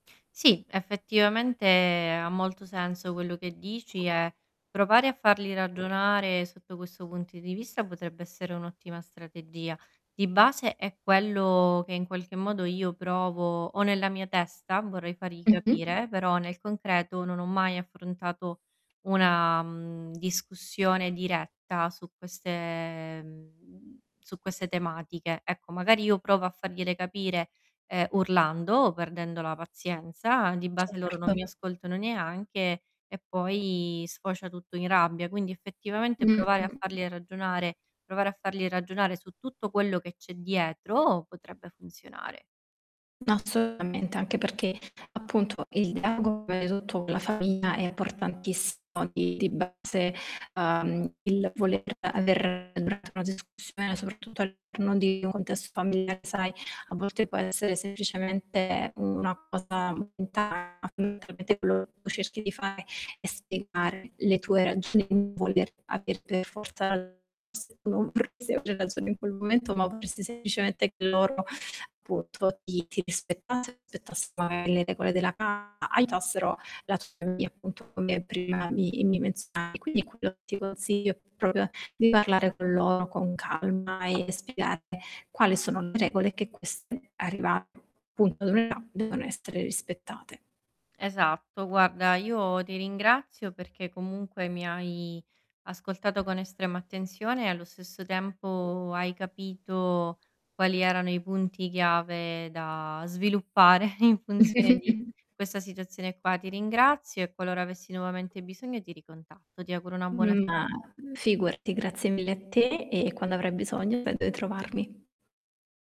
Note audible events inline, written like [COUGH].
Sì, effettivamente ha molto senso quello che dici e provare a farli ragionare sotto questo punti di vista potrebbe essere un'ottima strategia. Di base è quello che, in qualche modo, io provo ho nella mia testa, vorrei fargli Mh-mh. capire, però nel concreto non ho mai affrontato una, mhmm, discussione diretta su queste mhmm, su queste tematiche. Ecco, magari io provo a fargliele capire, ehm, urlando o perdendo la pazienza, di base loro non mi Certo. ascoltano neanche e poi sfocia tutto in rabbia. Quindi, effettivamente, Mh, mh, provare a mh. farli ragionare provare a farli ragionare su tutto quello che c'è dietro, potrebbe funzionare. No, assolutamente, anche perché appunto il dialogo [UNINTELLIGIBLE] tutto con la famiglia è importantissimo di di base, ehm, il voler aver durante una discussione, soprattutto all'interno di un contesto familiare, sai, a volte può essere semplicemente una cosa [UNINTELLIGIBLE] quello che cerchi di fare è spiegare le tue ragioni, non voler aver per forza [UNINTELLIGIBLE] ragione in quel momento, ma volersi semplicemente che loro appunto ti ti rispettassero [UNINTELLIGIBLE] le regole della casa, aiutassero la tua famiglia appunto come prima mi mi menzionavi. Quindi quello che ti consiglio è proprio di parlare con loro con calma e spiegare quali sono le regole che queste arriva appunto [UNINTELLIGIBLE] devono essere rispettate. Esatto. Guarda, io ti ringrazio perché comunque mi hai ascoltato con estrema attenzione e allo stesso tempo hai capito quali erano i punti chiave da sviluppare in funzione di [CHUCKLES] questa situazione qua. Ti ringrazio e qualora avessi nuovamente bisogno ti ricontatto. Ti auguro una buona Ma serata. figurati, grazie mille a te. E quando avrai bisogno sai dove trovarmi.